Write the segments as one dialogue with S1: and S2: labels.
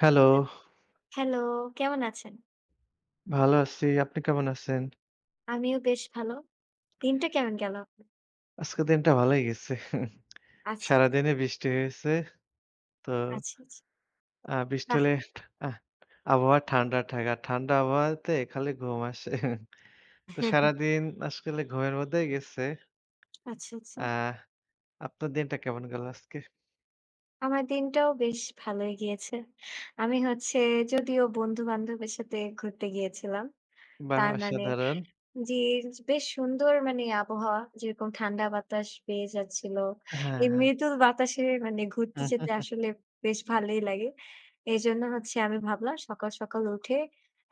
S1: Hello.
S2: অ্যা hello, কেমন আছেন?
S1: ভালো আছি। আপনি কেমন আছেন?
S2: আমিও বেশ ভালো। দিনটা কেমন গেলো আপনার?
S1: আজকে দিনটা ভালই গেছে।
S2: আচ্ছা, আচ্ছা।
S1: সারাদিনে বৃষ্টি হয়েছে। তো,
S2: আচ্ছা, আচ্ছা।
S1: আ বৃষ্টি
S2: বাহ!
S1: হলে আহ আবহাওয়া ঠান্ডা থাকে, আর ঠান্ডা আবহাওয়াতে খালি ঘুম আসে। তো সারাদিন আজকালে ঘুমের মধ্যেই গেছে।
S2: আচ্ছা, আচ্ছা।
S1: আহ, আপনার দিনটা কেমন গেল আজকে?
S2: আমার দিনটাও বেশ ভালোই গিয়েছে। আমি হচ্ছে যদিও বন্ধু-বান্ধবের সাথে ঘুরতে গিয়েছিলাম।
S1: বাহ!
S2: তার মানে
S1: অসাধারণ।
S2: জি, য বেশ সুন্দর মানে আবহাওয়া যেরকম ঠান্ডা বাতাস পেয়ে যাচ্ছিল।
S1: হ্যাঁ,
S2: এই
S1: হ্যাঁ।
S2: মৃদুল বাতাসে মানে ঘুরতে যেতে আসলে বেশ ভালোই লাগে। এজন্য হচ্ছে আমি ভাবলাম সকাল, সকাল উঠে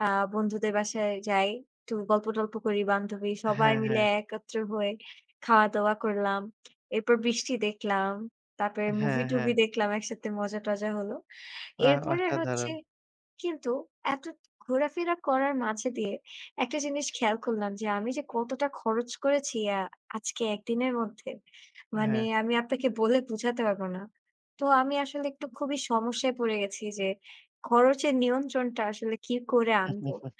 S2: আ বন্ধুদের বাসায় যাই, একটু গল্প-টল্প করি। বান্ধবী, সবাই
S1: হ্যাঁ,
S2: মিলে
S1: হ্যাঁ।
S2: একত্র হয়ে খাওয়া-দাওয়া করলাম। এরপর বৃষ্টি দেখলাম, তারপরে
S1: হ্যাঁ,
S2: মুভি-টুভি
S1: হ্যাঁ।
S2: দেখলাম একসাথে মজা-টজা হলো।
S1: বা
S2: এরপরে হচ্ছে
S1: অসাধারণ।
S2: কিন্তু এতো ঘোরাফেরা করার মাঝে দিয়ে একটা জিনিস খেয়াল করলাম যে আমি যে কতটা খরচ করেছি অ্যা আজকে ১ দিনের মধ্যে মানে
S1: হ্যাঁ।
S2: আমি আপনাকে বলে বুঝাতে পারব না। তো আমি আসলে একটু খুবই সমস্যায় পড়ে গেছি যে খরচের নিয়ন্ত্রণটা আসলে কী করে আনবো?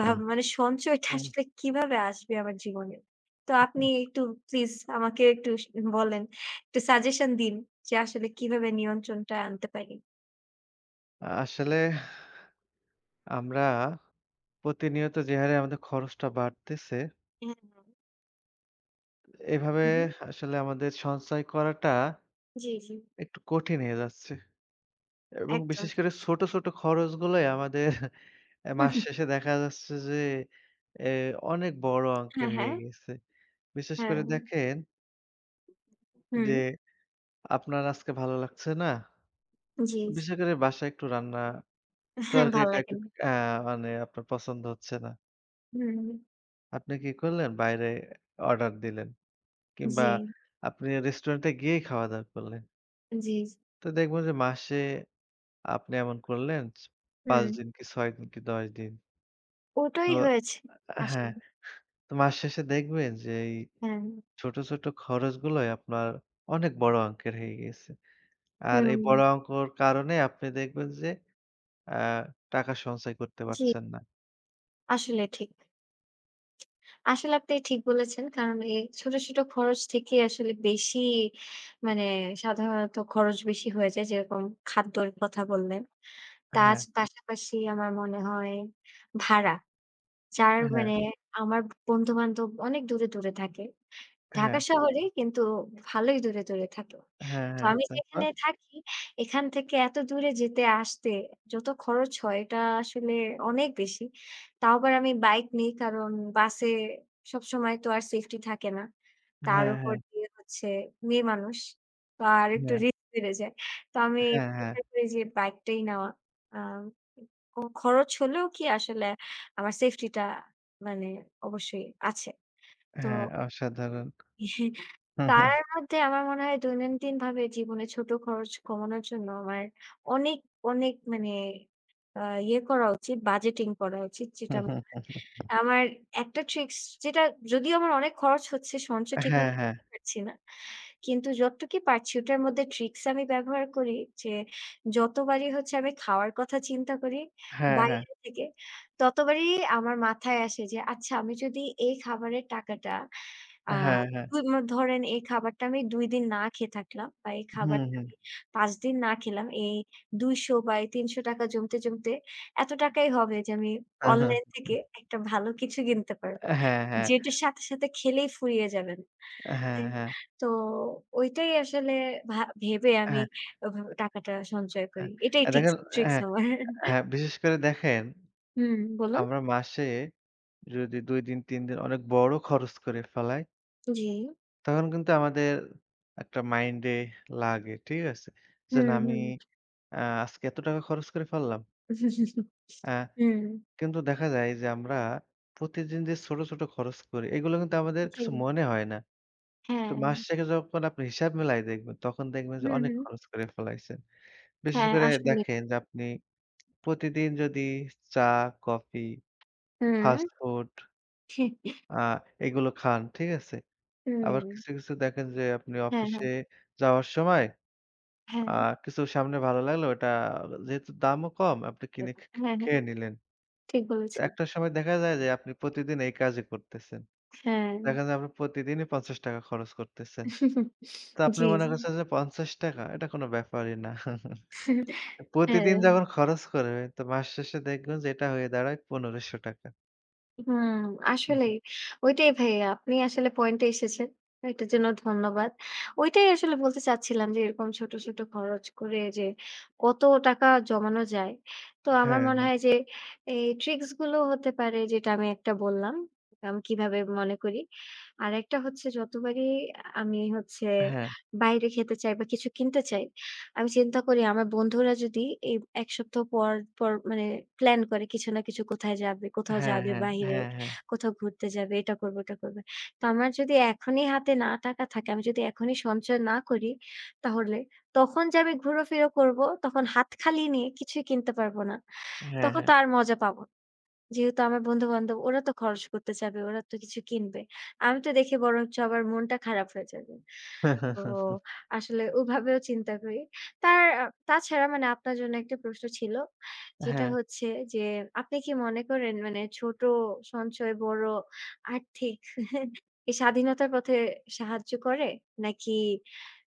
S2: ভাব মানে সঞ্চয়টা
S1: হুম।
S2: আসলে কীভাবে আসবে আমার জীবনে। তো আপনি একটু প্লিজ আমাকে একটু স বলেন, একটা সাজেশন দিন যে আসলে কিভাবে নিয়ন্ত্রণটা আনতে পারি।
S1: আসলে আমরা প্রতিনিয়ত যেহারে আমাদের খরচটা বাড়তেছে
S2: অ্যা হ্যাঁ।
S1: এভাবে
S2: উহু।
S1: আসলে আমাদের সঞ্চয় করাটা
S2: জি, জি।
S1: একটু কঠিন হয়ে যাচ্ছে এবং
S2: একদম
S1: বিশেষ
S2: ঠিক।
S1: করে ছোট, ছোট খরচগুলোই আমাদের অ্যা
S2: হুম,
S1: মাস
S2: হুম।
S1: শেষে দেখা যাচ্ছে যে এ অনেক বড়
S2: হ্যাঁ,
S1: অঙ্কের
S2: হ্যাঁ।
S1: হয়ে গেছে। বিশেষ করে
S2: হ্যাঁ।
S1: দেখেন যে
S2: হুম।
S1: আপনার আজকে ভালো লাগছে না,
S2: জি, জি।
S1: বিশেষ করে বাসায় একটু রান্না,
S2: অ্যা হ্যাঁ, ভাল
S1: তরকারিটা
S2: লাগে।
S1: একটু আ মানে আপনার পছন্দ হচ্ছে না।
S2: হুম।
S1: আপনি কি করলেন বাইরে অর্ডার দিলেন। কিংবা
S2: জি।
S1: আপনি রেস্টুরেন্টে গিয়েই খাওয়া-দাওয়া করলেন।
S2: জি, জ
S1: তো দেখব যে মাসে আপনি এমন করলেন ৫
S2: হুম।
S1: দিন কি ৬ দিন কি ১০ দিন।
S2: ওটাই
S1: তো
S2: হয়েছে
S1: অ্যা হ্যাঁ,
S2: আসলে।
S1: তো মাস শেষে দেখবেন যে এই
S2: হ্যাঁ।
S1: ছোট, ছোট খরচগুলোই আপনার অনেক বড় অংকের হয়ে গেছে। আর এই
S2: হুম।
S1: বড় অঙ্কের কারণে আপনি দেখবেন যে আ টাকা সঞ্চয় করতে
S2: জি।
S1: পারছেন না।
S2: আসলে ঠিক। আসলে আপনি ঠিক বলেছেন। কারণ এই ছোট, ছোট খরচ থেকেই আসলে বেশি মানে সাধারণত খরচ বেশি হয়ে যায় যেরকম খাদ্যের কথা বললেন। তাজ
S1: হ্যাঁ।
S2: পাশাপাশি আমার মনে হয় ভাড়া। যার মানে
S1: হ্যাঁ।
S2: আমার বন্ধু-বান্ধব অনেক দূরে, দূরে থাকে। ঢাকা
S1: হ্যাঁ।
S2: শহরে কিন্তু ভালোই দূরে, দূরে থাকে।
S1: হ্যাঁ,
S2: তো
S1: হ্যাঁ,
S2: আমি
S1: তারপর?
S2: যেখানে থাকি এখান থেকে এত দূরে যেতে আসতে যত খরচ হয় এটা আসলে অনেক বেশি। তাও আবার আমি বাইক নেই, কারণ বাসে সবসময় তো আর সেফটি থাকে না। তার
S1: হ্যাঁ,
S2: উপর
S1: হ্যাঁ।
S2: দিয়ে হচ্ছে মেয়ে মানুষ। তো আর একটু
S1: হ্যাঁ।
S2: রি বেড়ে যায়। তো আমি
S1: হ্যাঁ, হ্যাঁ।
S2: প্রেফার করি যে বাইক টাই নেওয়া। আম উম কোনো খরচ হলেও কি আসলে আমার সেফটি টা মানে অবশ্যই আছে। তো
S1: হ্যাঁ, অসাধারণ।
S2: পারার মধ্যে আমার মনে হয় দৈনন্দিন ভাবে জীবনে ছোট খরচ কমানোর জন্য আমার অনেক, অনেক মানে আ ইয়ে করা উচিত, বাজেটিং করা উচিত
S1: হু,
S2: যেটা
S1: হু,
S2: মনে হয়।
S1: হু, হু, হু।
S2: আমার একটা ট্রিক্স যেটা যদিও আমার অনেক খরচ হচ্ছে সঞ্চয় ঠিক
S1: হ্যাঁ,
S2: মতো
S1: হ্যাঁ।
S2: করতে পারছি না। কিন্তু যতটুকু পারছি ওটার মধ্যে ট্রিকস আমি ব্যবহার করি যে, যতবারই হচ্ছে আমি খাওয়ার কথা চিন্তা করি।
S1: হ্যাঁ, হ্যাঁ।
S2: বাইরে থেকে ততবারই আমার মাথায় আসে যে আচ্ছা আমি যদি এই খাবারের টাকাটা আ
S1: হ্যাঁ,
S2: [unintelligible]
S1: হ্যাঁ।
S2: ধরেন এই খাবারটা আমি ২ দিন না খেয়ে থাকলাম বা এই
S1: হুম,
S2: খাবারটা
S1: হুম।
S2: আমি ৫ দিন না খেলাম। এই ২০০ বা এই ৳৩০০ জমতে, জমতে এত টাকাই হবে যে আমি
S1: হুম, হুম।
S2: অনলাইন থেকে একটা ভালো কিছু কিনতে পারবো।
S1: অ্যা হ্যাঁ, হ্যাঁ।
S2: যেটার সাথে, সাথে খেলেই ফুরিয়ে যাবেন।
S1: অ্যা হ্যাঁ,
S2: তাই
S1: হ্যাঁ।
S2: তো ঐটাই আসলে ভা ভেবে আমি
S1: হ্যাঁ।
S2: ওভাবে টাকাটা সঞ্চয়
S1: অ্যা
S2: করি। এটাই
S1: অ্যা
S2: টিকস
S1: দেখেন, অ্যা
S2: ট্রিক্স আমার।
S1: হ্যাঁ, বিশেষ করে দেখেন।
S2: হুম বলুন।
S1: আমরা মাসে যদি ২ দিন ৩ দিন অনেক বড় খরচ করে ফেলাই
S2: জি।
S1: তখন কিন্তু আমাদের একটা মাইন্ডে লাগে। ঠিক আছে? যে
S2: হু,
S1: না আমি
S2: হু।
S1: আ আজকে এত টাকা খরচ করে ফেললাম? অ্যা
S2: হুম।
S1: কিন্তু দেখা যায় যে আমরা প্রতিদিন যে ছোট, ছোট খরচ করি এগুলো কিন্তু আমাদের কিছু
S2: জী।
S1: মনে হয় না। তো মাস
S2: হ্যাঁ।
S1: থেকে যখন আপনি হিসাব মেলায় দেখবেন, তখন দেখবেন যে
S2: হু,
S1: অনেক
S2: হু।
S1: খরচ করে ফেলাইছেন। বিশেষ
S2: হ্যাঁ,
S1: করে
S2: আসলেই।
S1: দেখেন যে আপনি প্রতিদিন যদি চা, কফি,
S2: হুম।
S1: ফাস্ট ফুড আ এগুলো খান। ঠিক আছে? আবার
S2: হুম।
S1: কিছু, কিছু দেখেন যে আপনি
S2: হ্যাঁ,
S1: অফিসে
S2: হ্যাঁ।
S1: যাওয়ার সময় আ
S2: হ্যাঁ।
S1: কিছু সামনে ভালো লাগলো ওইটা যেহেতু দামও কম আপনি
S2: উ
S1: কিনে খে খে
S2: হ্যাঁ, হ্যাঁ,
S1: খেয়ে নিলেন।
S2: ঠিক বলেছেন।
S1: একটা সময় দেখা যায় যে আপনি প্রতিদিন এই কাজে করতেছেন।
S2: হ্যাঁ।
S1: দেখা যায় আপনা প্রতিদিনই ৳৫০ খরচ করতেছেন। তো আপনি
S2: জি,
S1: মনে
S2: জি।
S1: করছেন যে ৳৫০? এটা কোন ব্যাপারই না। প্রতিদিন
S2: হ্যাঁ।
S1: যখন খরচ করবেন তো মাস শেষে দেখবেন যে এটা হয়ে দাঁড়ায় ৳১৫০০।
S2: হুম!
S1: হুম।
S2: আসলেই ঐটাই ভাইয়া আপনি আসলে পয়েন্টে এসেছেন। এটার জন্য ধন্যবাদ। ঐটাই আসলে বলতে চাচ্ছিলাম যে এরকম ছোট, ছোট খরচ করে যে কত টাকা জমানো যায়। তো আমার
S1: হ্যাঁ,
S2: মনে
S1: হ্যাঁ।
S2: হয় যে এই ট্রিকস গুলো হতে পারে যেটা আমি একটা বললাম। আম কিভাবে মনে করি। আরেকটা হচ্ছে যতবারই আমি হচ্ছে
S1: হ্যাঁ।
S2: বাইরে খেতে চাই, বা কিছু কিনতে চাই, আমি চিন্তা করি আমার বন্ধুরা যদি এই ১ সপ্তাহ পর, পর মানে প্লান করে কিছু না কিছু কোথায় যাবে, কোথাও
S1: হ্যাঁ,
S2: যাবে
S1: হ্যাঁ,
S2: বাহিরে,
S1: হ্যাঁ, হ্যাঁ।
S2: কোথাও ঘুরতে যাবে, এটা করবো ওটা করবে। তো আমার যদি এখনই হাতে না টাকা থাকে, আমি যদি এখনই সঞ্চয় না করি। তাহলে তখন যে আমি ঘুরা-ফিরা করব, তখন হাত খালি নিয়ে কিছুই কিনতে পারব না।
S1: হ্যাঁ,
S2: তখন
S1: হ্যাঁ।
S2: তো আর মজা পাবো না। যেহেতু আমার বন্ধু-বান্ধব ওরা তো খরচ করতে চাবে, ওরা তো কিছু কিনবে। আমি তো দেখে বরঞ্চ আবার মনটা খারাপ হয়ে যাবে। তো আসলে ওভাবেও চিন্তা করি। তার আ তাছাড়া মানে আপনার জন্য একটা প্রশ্ন ছিল। যেটা
S1: হ্যাঁ।
S2: হচ্ছে যে আপনি কি মনে করেন? মানে ছোট সঞ্চয় বড় আর্থিক স্বাধীনতার পথে সাহায্য করে নাকি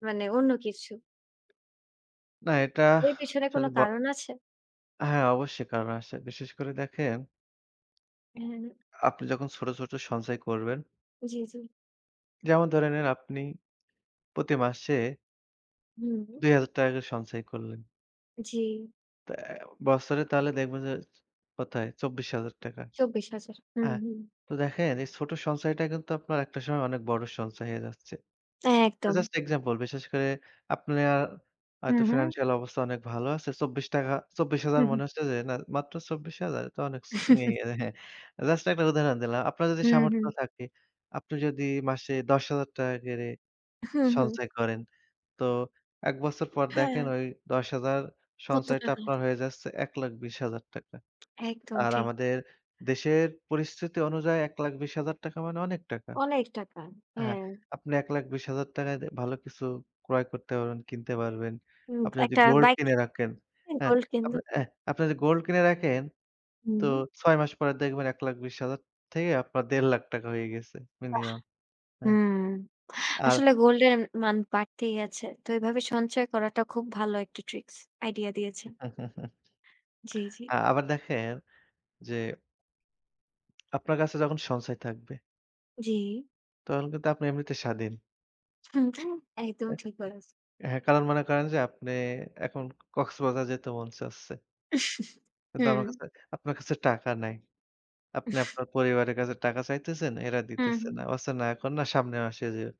S2: মানে অন্য কিছু?
S1: না এটা
S2: এর পেছনে কোনো
S1: আসলে ব
S2: কারণ আছে?
S1: হ্যাঁ, অবশ্যই কারণ আসে বিশেষ করে দেখেন
S2: হুম, হুম, হুম।
S1: আপনি যখন ছোট, ছোট সঞ্চয় করবেন
S2: জি, জি।
S1: যেমন ধরে নিন আপনি প্রতি মাসে
S2: হুম।
S1: ৳2০০০ করে সঞ্চয় করলেন।
S2: জি।
S1: তা অ্যা বৎসরে তাহলে দেখবেন যে চ কোথায় ৳২৪,০০০।
S2: ২৪,০০০ হুম,
S1: হ্যাঁ,
S2: হুম।
S1: তো দেখেন এই ছোট সঞ্চয়টা কিন্তু আপনার একটা সময় অনেক বড় সঞ্চয় হয়ে যাচ্ছে। এটা
S2: একদম।
S1: জাস্ট এক্সাম্পল, বিশেষ করে আপনার
S2: হুম,
S1: হয়তো
S2: হুম।
S1: ফাইন্যান্সিয়াল অবস্থা অনেক ভালো আছে। ৳২৪, ২৪,০০০
S2: হুম,
S1: মনে
S2: হু।
S1: হচ্ছে যে না মাত্র ২৪,০০০? তো অনেক স ইয়ে হ্যাঁ, জাস্ট একটা উদাহরণ দিলাম। আপনার যদি
S2: হুম, হুম।
S1: সামর্থ্য থাকে, আপনি যদি মাসে ৳১০,০০০ করে
S2: হুম, হুম।
S1: সঞ্চয় করেন, তো ১ বছর পর
S2: হ্যাঁ।
S1: দেখেন ওই ১০,০০০
S2: কত
S1: সঞ্চয়টা
S2: টাকা?
S1: আপনার হয়ে যাচ্ছে ৳১,২০,০০০
S2: একদম
S1: আর
S2: ঠিক।
S1: আমাদের দেশের পরিস্থিতি অনুযায়ী ৳১,২০,০০০ মানে অনেক টাকা।
S2: অনেক টাকা,
S1: হ্যাঁ,
S2: হ্যাঁ।
S1: আপনি ৳১,২০,০০০-য় ভালো কিছু ক্রয় করতে পারবেন, কিনতে পারবেন।
S2: হুম,
S1: আপনি যদি
S2: একটা
S1: গোল্ড
S2: বাইক কি
S1: কিনে রাখেন,
S2: [unintelligible]
S1: হ্যাঁ,
S2: গোল্ড কিনতে
S1: আপনি অ্যা
S2: পারে।
S1: আপনি যদি গোল্ড কিনে রাখেন তো
S2: হুম।
S1: ৬ মাস পরে দেখবেন ১,২০,০০০ থেকে আপনার ৳১,৫০,০০০ হয়ে গেছে
S2: বাহ!
S1: মিনিমাম। হ্যাঁ,
S2: হুম,
S1: আর
S2: আসলে গোল্ডের মান বাড়তেই আছে। তো এভাবে সঞ্চয় করাটা খুব ভালো একটা ট্রিক্স, আইডিয়া দিয়েছেন। জি, জি।
S1: আ আবার দেখেন যে আপনার কাছে যখন সঞ্চয় থাকবে।
S2: জী।
S1: তখন কিন্তু আপনি এমনিতে স্বাধীন।
S2: [unintelligible] একদমই ঠিক বলেছে।
S1: অ্যা হ্যাঁ, কারণ মনে করেন যে আপনি এখন কক্সবাজার যেতে মন চাচ্ছে। কিন্তু আমার
S2: হুম।
S1: কাছে, আপনার কাছে টাকা নাই। আপনি
S2: উহ।
S1: আপনার পরিবারের কাছে টাকা চাইতেছেন, এরা
S2: হু,
S1: দিতেছে না।
S2: হুম।
S1: বলছে না এখন না সামনের মাসে যেও।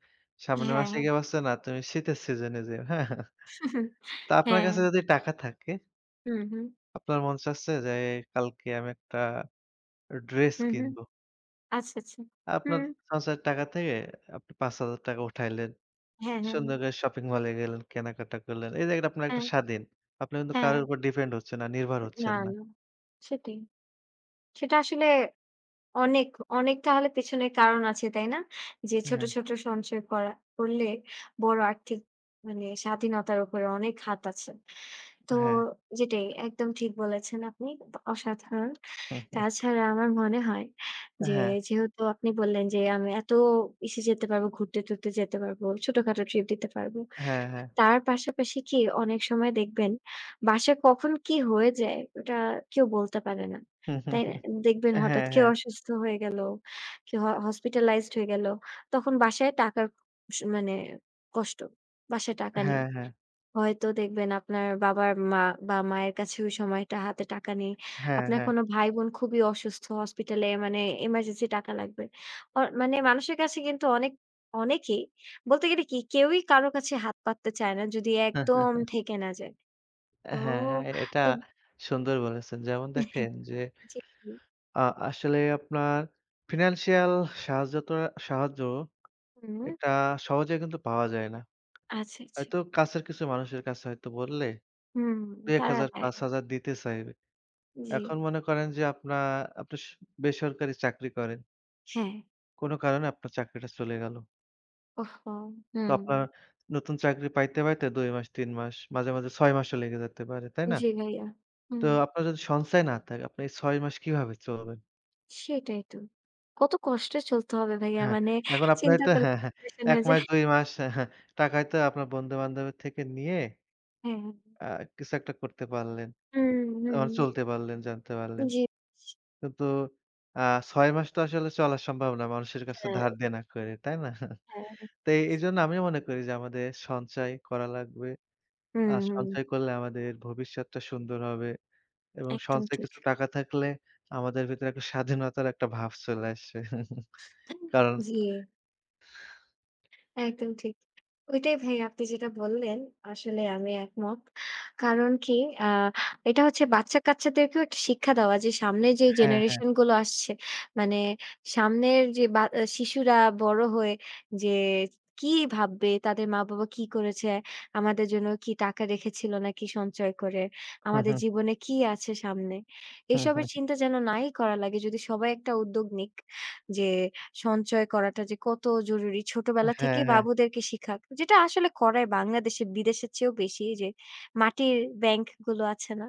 S1: সামনের
S2: হ্যাঁ,
S1: মাসে
S2: হ্যাঁ।
S1: গিয়ে বলছে না তুমি শীতের সিজনে যেও, হ্যাঁ। তা আপনার
S2: হ্যাঁ।
S1: কাছে যদি টাকা থাকে
S2: হুম, হুম।
S1: আপনার মন চাচ্ছে যে কালকে আমি একটা ড্রেস
S2: হুম, হুম।
S1: কিনবো।
S2: আচ্ছা, আচ্ছা,
S1: আপনার
S2: হুম।
S1: সঞ্চয়ের টাকা থেকে আপনি ৫০০০ উঠাইলেন।
S2: হ্যাঁ, হ্যাঁ,
S1: সুন্দর
S2: হ্যাঁ।
S1: করে শপিং মলে গেলেন, কেনাকাটা করলেন। এই জায়গাটা আপনার একটা
S2: হ্যাঁ,
S1: স্বাধীন। আপনারা কিন্তু
S2: হ্যাঁ।
S1: কারো উপর ডিপেন্ড হচ্ছেন না, নির্ভর
S2: এ না,
S1: হচ্ছেন না।
S2: না সেটাই। সেটা আসলে অনেক, অনেক তাহলে পেছনের কারণ আছে, তাই না? যে ছোট,
S1: হ্যাঁ।
S2: ছোট সঞ্চয় করা করলে বড় আর্থিক মানে স্বাধীনতার উপরে অনেক হাত আছে। তো
S1: হ্যাঁ।
S2: যেটাই একদম ঠিক বলেছেন আপনি অসাধারণ।
S1: হুম, হুম।
S2: তাছাড়া আমার মনে হয়
S1: অ্যা
S2: যে,
S1: হ্যাঁ।
S2: যেহেতু আপনি বললেন যে, আমি এত ইসে যেতে পারবো, ঘুরতে-টুরতে যেতে পারবো, ছোটখাটো ট্রিপ দিতে পারব।
S1: হ্যাঁ, হ্যাঁ।
S2: তার পাশাপাশি কি অনেক সময় দেখবেন বাসায় কখন কি হয়ে যায় ওটা কেউ বলতে পারে না। তাই দেখবেন হঠাৎ
S1: হ্যাঁ,
S2: কেউ
S1: হ্যাঁ।
S2: অসুস্থ হয়ে গেল, কেউ হ হসপিটালাইজড হয়ে গেল। তখন বাসায় টাকার স মানে কষ্ট। বাসায় টাকা নেই।
S1: হ্যাঁ, হ্যাঁ।
S2: হয়তো দেখবেন আপনার বাবার-মা বা মায়ের কাছে ওই সময়টা হাতে টাকা নেই।
S1: হ্যাঁ,
S2: আপনার
S1: হ্যাঁ।
S2: কোন ভাই-বোন খুবই অসুস্থ হসপিটালে মানে এমার্জেন্সি টাকা লাগবে। আ মানে মানুষের কাছে কিন্তু অনেক অনেকেই বলতে গেলে কি কেউই কারো কাছে হাত পাততে চায় না যদি একদম ঠেকে না যায়।
S1: অ্যা
S2: তো
S1: হ্যাঁ, হ্যাঁ এটা
S2: তো
S1: সুন্দর বলেছেন। যেমন দেখেন যে,
S2: জী, জী।
S1: আ আসলে আপনার ফিন্যানন্সিয়াল সাহায্য তো সাহায্য
S2: হুম।
S1: এটা সহজে কিন্তু পাওয়া যায় না।
S2: আচ্ছা, আচ্ছা।
S1: হয়তো কাছের কিছু মানুষের কাছে হয়তো বললে।
S2: হুম,
S1: দুই-এক
S2: তারা
S1: হাজার
S2: দেয়।
S1: ৫০০০ দিতে চাইবে।
S2: জী।
S1: এখন মনে করেন যে আপনা আপনি স বেসরকারি চাকরি করেন।
S2: হ্যাঁ।
S1: কোন কারণে আপনার চাকরিটা চলে গেল।
S2: ও হো,
S1: তো আপনার
S2: হুম।
S1: নতুন চাকরি পাইতে, পাইতে ২ মাস ৩ মাস মাঝে, মাঝে ৬ মাসও লেগে যেতে পারে, তাই না?
S2: জি, ভাইয়া
S1: তো
S2: হুম।
S1: আপনার যদি সঞ্চয় না থাকে, আপনি এই ৬ মাস কিভাবে চলবেন?
S2: সেটাই তো কত কষ্টে চলতে হবে ভাইয়া,
S1: হ্যাঁ,
S2: মানে
S1: এখন আপনার
S2: চিন্তা
S1: তো
S2: করলে
S1: হ্যাঁ, হ্যাঁ
S2: ডিপ্রেশন
S1: ১
S2: হয়ে যায়।
S1: মাস ২ মাস অ্যা হ্যাঁ, টাকাই তো আপনার বন্ধু-বান্ধবের থেকে নিয়ে
S2: হ্যাঁ।
S1: আ কিছু একটা করতে পারলেন,
S2: হুম,
S1: আ
S2: হুম।
S1: চলতে পারলেন, জানতে পারলেন।
S2: জি।
S1: কিন্তু আ ৬ মাস তো আসলে চলা সম্ভব না মানুষের কাছে ধার
S2: হ্যাঁ।
S1: দেনা করে তাই না?
S2: হ্যাঁ।
S1: তো এ এইজন্য আমিও মনে করি যে আমাদের সঞ্চয় করা লাগবে আ
S2: হুম, হুম।
S1: সঞ্চয় করলে আমাদের ভবিষ্যৎটা সুন্দর হবে, এবং
S2: একদম
S1: সঞ্চয়
S2: ঠিক।
S1: কিছু টাকা থাকলে আমাদের ভেতরে একটা স্বাধীনতার একটা ভাব চলে আসবে কারণ
S2: জি। একদম ঠিক। ওইটাই ভাই আপনি যেটা বললেন, আসলে আমি একমত। কারণ কি আ এটা হচ্ছে বাচ্চা-কাচ্চাদেরকেও একটা শিক্ষা দেওয়া যে সামনের যে
S1: হ্যাঁ, হ্যাঁ।
S2: জেনারেশন গুলো আসছে, মানে সামনের যে বা অ্যা শিশুরা বড় হয়ে যে কি ভাববে, তাদের মা-বাবা কি করেছে আমাদের জন্য কি টাকা রেখেছিল, নাকি সঞ্চয় করে,
S1: হু,
S2: আমাদের
S1: হু।
S2: জীবনে কি আছে সামনে?
S1: হুম,
S2: এসবের
S1: হুম।
S2: চিন্তা যেন নাই করা লাগে যদি সবাই একটা উদ্যোগ নিক যে সঞ্চয় করাটা যে কত জরুরি।
S1: আ
S2: ছোটবেলা
S1: হ্যাঁ,
S2: থেকেই
S1: হ্যাঁ।
S2: বাবুদেরকে শিখাক, যেটা আসলে করায় বাংলাদেশের বিদেশের চেয়েও বেশি যে মাটির ব্যাংক গুলো আছে না?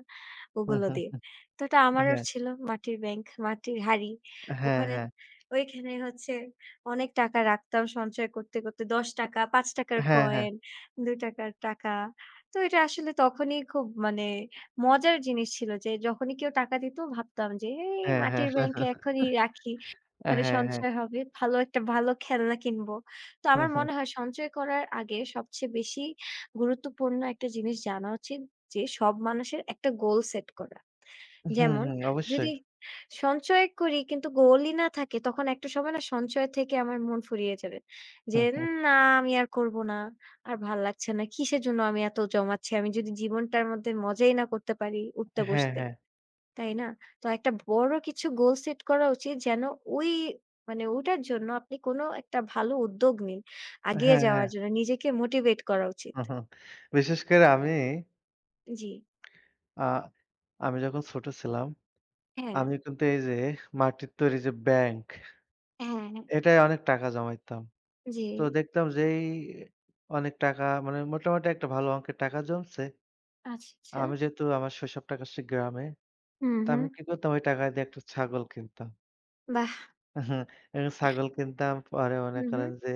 S2: ওগুলো দিয়ে। তো এটা
S1: আ
S2: আমারও
S1: হ্যাঁ।
S2: ছিল মাটির ব্যাংক, মাটির হাড়ি।
S1: হ্যাঁ,
S2: ওখানে
S1: হ্যাঁ।
S2: ওইখানে হচ্ছে অনেক টাকা রাখতাম সঞ্চয় করতে, করতে ৳১০ ৳৫ র
S1: হ্যাঁ, হ্যাঁ।
S2: কয়েন, ৳২ র টাকা। তো এটা আসলে তখনই খুব মানে মজার জিনিস ছিল যে যখনই কেউ টাকা দিত ভাবতাম যে এই
S1: অ্যা হ্যাঁ,
S2: মাটির ব্যাংকে এখনই রাখি,
S1: অ্যা
S2: ওখানে
S1: হ্যাঁ, হ্যাঁ।
S2: সঞ্চয় হবে, ভালো একটা ভালো খেলনা কিনবো। তো
S1: হুম,
S2: আমার
S1: হুম।
S2: মনে হয় সঞ্চয় করার আগে সবচেয়ে বেশি গুরুত্বপূর্ণ একটা জিনিস জানা উচিত, যে সব মানুষের একটা গোল সেট করা।
S1: হুম,
S2: যেমন
S1: হুম অবশ্যই।
S2: যদি, সঞ্চয় করি কিন্তু গোলই না থাকে তখন একটা সময় না সঞ্চয় থেকে আমার মন ফুরিয়ে যাবে। যে
S1: হুম, হুম।
S2: উম না আমি আর করব না, আর ভাল লাগছে না, কিসের জন্য আমি এত জমাচ্ছি, আমি যদি জীবনটার মধ্যে মজাই না করতে পারি উঠতে
S1: হ্যাঁ,
S2: বসতে,
S1: হ্যাঁ।
S2: তাই না? তো একটা বড় কিছু গোল সেট করা উচিত যেন ওই মানে ওটার জন্য আপনি কোন একটা ভালো উদ্যোগ নিন। আগিয়ে
S1: হ্যাঁ, হ্যাঁ।
S2: যাওয়ার জন্য নিজেকে মোটিভেট করা উচিত।
S1: হু, হু। বিশেষ করে আমি
S2: জি।
S1: আ আমি যখন ছোট ছিলাম।
S2: হ্যাঁ।
S1: আমি কিন্তু এই যে মাটির তৈরি যে ব্যাংক।
S2: হ্যাঁ, হ্যাঁ।
S1: এটায় অনেক টাকা জমাইতাম। তো
S2: জি।
S1: দেখতাম যে, এই অনেক টাকা মানে মোটামুটি একটা ভালো অঙ্কের টাকা জমছে।
S2: আচ্ছা, আচ্ছা।
S1: আমি যেহেতু আমার শৈশব টা কাটছি গ্রামে,
S2: হুম,
S1: তো
S2: হুম।
S1: আমি কি করতাম ওই টাকা দিয়ে একটা ছাগল কিনতাম।
S2: বাহ!
S1: একটা ছাগল কিনতাম। পরে মনে
S2: হুম, হুম।
S1: করেন যে,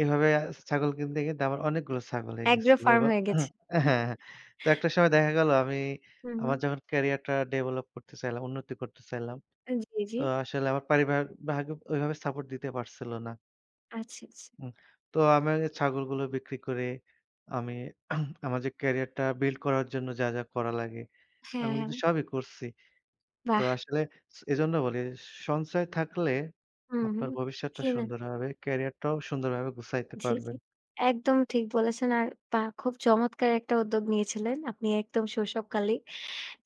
S1: এভাবে অ্যা ছাগল কিনতে, কিনতে আমার অনেকগুলো ছাগল হয়ে
S2: এগ্রো
S1: গেছিল
S2: ফার্ম
S1: এবং
S2: হয়ে গেছে।
S1: অ্যা হ্যাঁ, হ্যাঁ। তো একটা সময় দেখা গেলো আমি
S2: হুম,
S1: আমার
S2: হুম।
S1: যখন ক্যারিয়ারটা ডেভেলপ করতে চাইলাম, উন্নতি করতে চাইলাম।
S2: জি, জি।
S1: তো আসলে আমার পারিবার ভাবে ঐভাবে সাপোর্ট দিতে পারছিল না।
S2: আচ্ছা, আচ্ছা।
S1: উম তো আমি ছাগলগুলো বিক্রি করে আমি আমার যে ক্যারিয়ারটা বিল্ড করার জন্য যা, যা করা লাগে, আমি
S2: হ্যাঁ, হ্যাঁ।
S1: কিন্তু সবই করছি। তো
S2: বাহ!
S1: আসলে স এজন্য বলি সঞ্চয় থাকলে
S2: হুম, হুম,
S1: আপনার ভবিষ্যৎটা
S2: কিনা।
S1: সুন্দর হবে। ক্যারিয়ারটাও সুন্দরভাবে গুছাইতে
S2: জি, জি।
S1: পারবেন।
S2: একদম ঠিক বলেছেন। আর বাহ! খুব চমৎকার একটা উদ্যোগ নিয়েছিলেন। আপনি একদম শৈশব কালেই।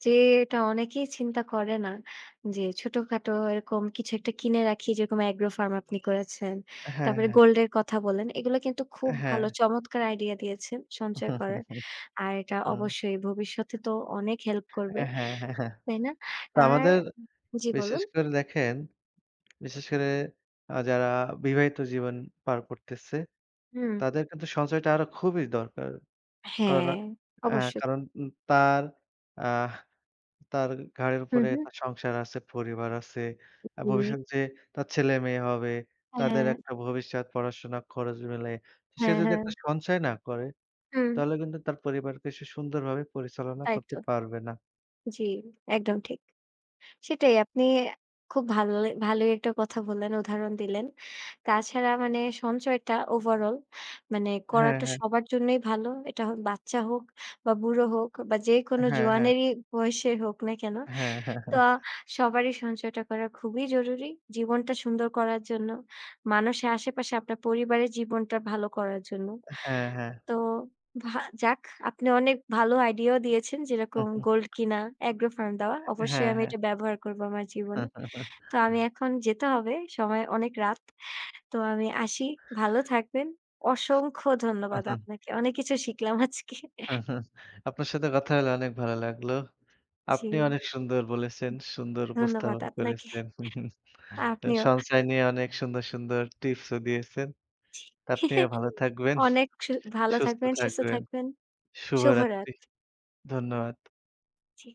S2: যে এটা অনেকেই চিন্তা করে না, যে ছোটখাটো এরকম কিছু একটা কিনে রাখি যেরকম এগ্রো ফার্ম আপনি করেছেন।
S1: হ্যাঁ,
S2: তারপরে
S1: হ্যাঁ।
S2: গোল্ড এর কথা বলেন। এগুলা কিন্তু খুব
S1: অ্যা হ্যাঁ।
S2: ভালো চমৎকার আইডিয়া দিয়েছেন সঞ্চয় করার। আর এটা
S1: উম
S2: অবশ্যই ভবিষ্যতে তো অনেক হেল্প
S1: আ
S2: করবে।
S1: হ্যাঁ, হ্যাঁ, হ্যাঁ।
S2: তাই না?
S1: তো
S2: আর
S1: আমাদের
S2: জি
S1: বিশেষ
S2: বলুন।
S1: করে দেখেন, বিশেষ করে আ যারা বিবাহিত জীবন পার করতেছে।
S2: হুম।
S1: তাদের কিন্তু সঞ্চয়টা আরো খুবই দরকার।
S2: হ্যাঁ,
S1: কারণ অ্যা
S2: অবশ্যই।
S1: কারণ উম তার আহ তার ঘাড়ের
S2: হুম,
S1: উপরে
S2: হুম।
S1: তার সংসার আছে, পরিবার আছে। অ্যা
S2: [unintelligible]
S1: ভবিষ্যতে যে তার ছেলেমেয়ে হবে, তাদের
S2: হ্যাঁ।
S1: একটা ভবিষ্যৎ পড়াশোনা খরচ মেলে। সে
S2: হ্যাঁ,
S1: যদি
S2: হ্যাঁ।
S1: একটা সঞ্চয় না করে,
S2: হুম।
S1: তাহলে কিন্তু তার পরিবারকে সে সুন্দরভাবে পরিচালনা
S2: তাই তো।
S1: করতে পারবে না।
S2: জী, একদম ঠিক। সেটাই আপনি খুব ভালো ভালোই একটা কথা বললেন, উদাহরণ দিলেন। তাছাড়া মানে সঞ্চয়টা ওভারঅল মানে
S1: হ্যাঁ,
S2: করাটা
S1: হ্যাঁ।
S2: সবার জন্যই ভালো। এটা হোক বাচ্চা হোক বা বুড়ো হোক বা যেকোনো
S1: হ্যাঁ, হ্যাঁ।
S2: জোয়ানেরই বয়স হোক না কেন।
S1: হ্যাঁ, হ্যাঁ,
S2: তো
S1: হ্যাঁ।
S2: সবারই সঞ্চয়টা করা খুবই জরুরী। জীবনটা সুন্দর করার জন্য। মানুষের আশেপাশে আপনার পরিবারের জীবনটা ভালো করার জন্য।
S1: আ হ্যাঁ, হ্যাঁ।
S2: তো ভা যাক আপনি অনেক ভালো আইডিয়াও দিয়েছেন, যেরকম
S1: উহুম।
S2: গোল্ড কিনা এগ্রো ফার্ম দেওয়া। অবশ্যই
S1: হ্যাঁ,
S2: আমি
S1: হ্যাঁ।
S2: এটা ব্যবহার করব আমার জীবনে। তো আমি এখন যেতে হবে সময় অনেক রাত। তো আমি আসি। ভালো থাকবেন। অসংখ্য
S1: হু,
S2: ধন্যবাদ
S1: হু।
S2: আপনাকে। অনেক কিছু শিখলাম আজকে।
S1: আপনার সাথে কথা হলে অনেক ভালো লাগলো।
S2: জি।
S1: আপনি অনেক সুন্দর বলেছেন, সুন্দর
S2: ধন্যবাদ
S1: উপস্থাপন
S2: আপনাকে,
S1: করেছেন।
S2: আপনিও।
S1: সঞ্চয় নিয়ে অনেক সুন্দর, সুন্দর টিপসও দিয়েছেন। আপনিও ভালো থাকবেন।
S2: অনেক সু ভালো
S1: সুস্থ
S2: থাকবেন, সুস্থ
S1: থাকবেন।
S2: থাকবেন। শুভরাত।
S1: শুভরাত্রি। ধন্যবাদ।
S2: জি।